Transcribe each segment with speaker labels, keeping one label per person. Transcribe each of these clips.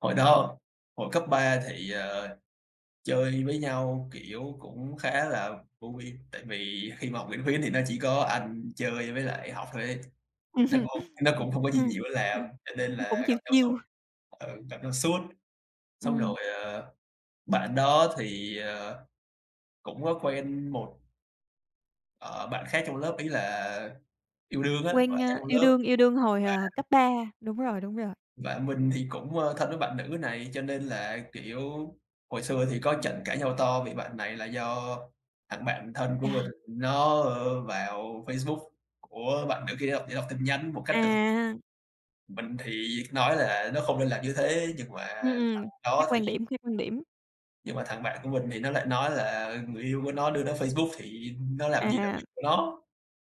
Speaker 1: Hồi đó, hồi cấp 3 thì, ờ, chơi với nhau, kiểu, cũng khá là vui. Tại vì khi mà học Nguyễn Khuyến thì nó chỉ có ăn, chơi với lại học thôi ấy, nó cũng nó cũng không có gì nhiều để làm. Cho nên
Speaker 2: Nó cũng
Speaker 1: là gặp
Speaker 2: chill,
Speaker 1: nhau suốt
Speaker 2: chill.
Speaker 1: ừ, gặp nhau suốt. Xong
Speaker 2: Ừm.
Speaker 1: rồi, ờ, bạn đó thì, ờ, cũng có quen một ờ, bạn khác trong lớp, ý là yêu đương á, bạn
Speaker 2: Quen,
Speaker 1: khác
Speaker 2: a
Speaker 1: trong
Speaker 2: yêu
Speaker 1: lớp
Speaker 2: đương, yêu đương hồi, ờ,
Speaker 1: và
Speaker 2: cấp 3, đúng rồi, đúng rồi.
Speaker 1: Và mình thì cũng, ơ, thân với bạn nữ này, cho nên là, kiểu, hồi xưa thì có
Speaker 2: Ừm.
Speaker 1: trận cãi nhau to vì bạn này là do thằng bạn thân của mình
Speaker 2: Chà!
Speaker 1: nó, ờ, vào Facebook của bạn nữ kia để đọc tin nhắn một cách tự
Speaker 2: À!
Speaker 1: mình thì nói là nó không nên làm như thế, nhưng mà
Speaker 2: Ừm,
Speaker 1: thằng
Speaker 2: ừm, khác
Speaker 1: đó
Speaker 2: quan
Speaker 1: thì
Speaker 2: điểm, khác quan điểm.
Speaker 1: Nhưng mà thằng bạn của mình thì nó lại nói là người yêu của nó đưa nó Facebook thì nó làm gì là
Speaker 2: À.
Speaker 1: việc của nó.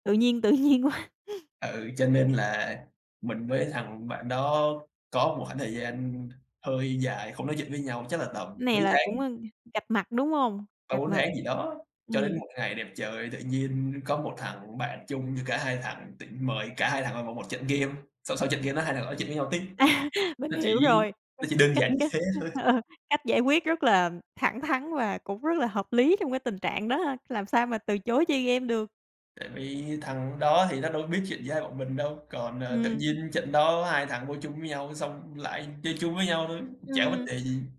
Speaker 2: Tự nhiên, tự nhiên quá.
Speaker 1: Ừ, cho nên là mình với thằng bạn đó có một khoảng thời gian hơi dài không nói chuyện với nhau, chắc là tầm
Speaker 2: Này
Speaker 1: mấy
Speaker 2: là
Speaker 1: tháng.
Speaker 2: cũng, ờ, cạch mặt đúng không?
Speaker 1: ba
Speaker 2: Cạch
Speaker 1: bốn
Speaker 2: mặt.
Speaker 1: tháng gì đó, cho
Speaker 2: Ừm.
Speaker 1: đến một ngày đẹp trời tự nhiên có một thằng bạn chung với cả hai thằng tự mời cả hai thằng vào một một trận game. Sau sau trận game đó hai thằng nói chuyện với nhau tiếp.
Speaker 2: À, mình
Speaker 1: Nó chỉ
Speaker 2: hiểu rồi,
Speaker 1: nó chỉ đơn
Speaker 2: cách
Speaker 1: giản như
Speaker 2: cách,
Speaker 1: thế thôi.
Speaker 2: ờ, cách giải quyết rất là thẳng thắn và cũng rất là hợp lý trong cái tình trạng đó ha. Làm sao mà từ chối chơi game được.
Speaker 1: Tại vì thằng đó thì nó đâu có biết chuyện giữa hai bọn mình đâu. Còn, ờ, tự
Speaker 2: Ừm.
Speaker 1: nhiên trận đó hai thằng vô chung với nhau xong lại chơi chung với nhau thôi,
Speaker 2: Ừm,
Speaker 1: chả có vấn
Speaker 2: ừm.
Speaker 1: đề gì.